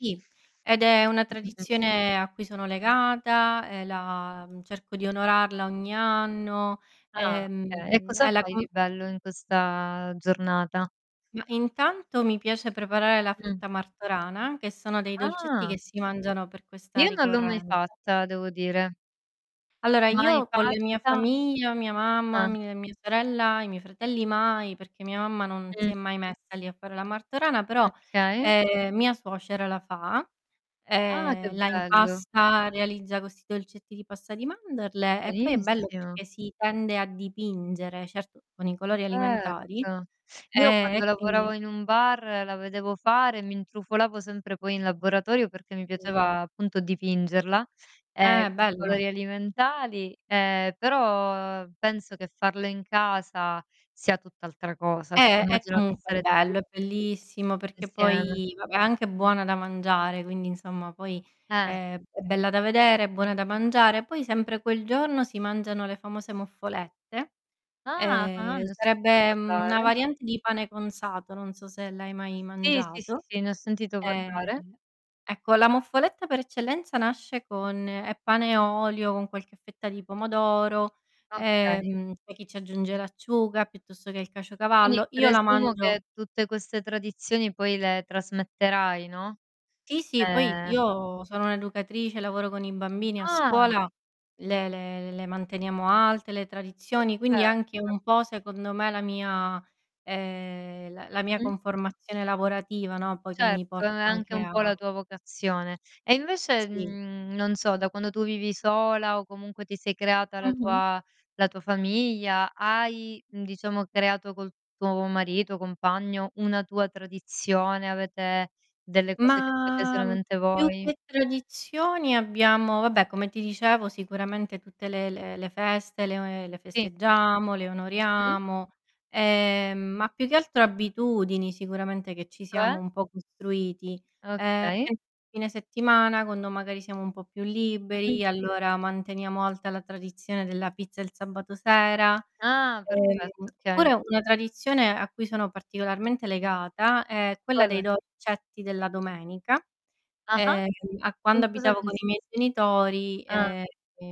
Sì, ed è una Mh, mh, mh. tradizione a cui sono legata, e la, mhmm, cerco di onorarla ogni anno, Ah, okay. E ehm, cosa e la fai di col bello in questa giornata? Ma, intanto mi piace preparare la Mh. frutta Martorana, che sono dei dolcetti Ah. che si mangiano per questa Io non l'ho mai ricorrenza. fatta, devo dire. Allora, Mai io con le mia fatta famiglia, mia mamma, Ah. mie mia sorella, i miei fratelli mai, perché mia mamma non si è Mh. mai messa lì a fare la Martorana, però, Okay. ehm, mia suocera la fa, Ah, che ehm, la bello. impasta, realizza questi dolcetti di pasta di mandorle e poi è bello Benissimo. perché si tende a dipingere, certo con i colori alimentari; Erto. Io ehm, quando e quindi lavoravo in un bar, la vedevo fare, mi intrufolavo sempre poi in laboratorio perché mi Sì. piaceva, appunto, dipingerla, ehm, Eh, con i bello. colori alimentari, ehm, però penso che farlo in casa sia tutt'altra cosa. Eh, è Immagino che comunque sarete lì bello, è bellissimo perché insieme. poi, vabbè, è anche buona da mangiare, quindi insomma poi Eh. è è bella da vedere, buona da mangiare, poi sempre quel giorno si mangiano le famose Muffolette; Ah. Ah, ehm, ne ho sentito sarebbe, mhmm, una parlare. variante di pane cunzato, non so se l'hai mai Sì, sì, sì, mangiato. sì, ne ho sentito Ehm, parlare. ecco la Moffoletta per eccellenza nasce con è pane e olio con qualche fetta di pomodoro, Okay. ehm, poi chi ci aggiunge l'acciuga piuttosto che il Quindi caciocavallo; io la presumo mangio che tutte queste tradizioni poi le trasmetterai, no. Ti sì, poi Ehm. io sono un'educatrice, lavoro con i bambini a Ah! scuola, le le le manteniamo alte le tradizioni, quindi anche Certo. un po' secondo me la mia ehm, la la mia Mh. conformazione lavorativa, no, poi che mi Certo, è porta anche anche un a po' la tua vocazione. E invece, Sì. mhmm, non so da quando tu vivi sola o comunque ti sei creata la Mh-mh. tua la tua famiglia, hai, mhmm, diciamo, creato col tuo marito, compagno, una tua tradizione? Avete delle cose che fate Ma, mhmm, solamente più voi? che tradizioni abbiamo, vabbè, come ti dicevo sicuramente tutte le le le feste, le o ehm, le Sì. festeggiamo, le Mh-mh. onoriamo; ehm, ma più che altro abitudini, sicuramente, che ci Cioè? siamo un po' costruiti. Ehm, Okay. [unintelligible] fine settimana, quando magari siamo un po' più Mh-mh. liberi, allora manteniamo alta la tradizione della pizza il sabato sera; Ah, ehm, perfetto, okay. pure una tradizione a cui sono particolarmente legata è quella dei [unintelligible] dolcetti della domenica, Ah-ah. ehm, a quando In cosa abitavo con i consist miei genitori, Ah. ehm,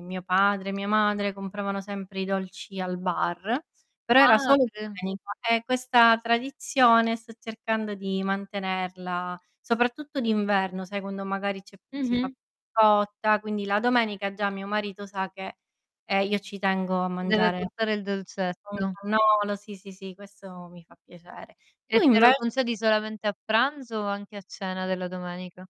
mio padre, mia madre compravano sempre i dolci al bar, però era solo Padre domenica e questa tradizione sto cercando di mantenerla, soprattutto d'inverno, sai, quando magari c'è si fa Mh-mh. [unintelligible] quindi la domenica già mio marito sa che, ehm, io ci tengo a Ti deve mangiare portare il un dolcetto. cannolo, sì, sì, sì, questo mi fa piacere. E Tu, te lo invec concedi solamente a pranzo o anche a cena della domenica?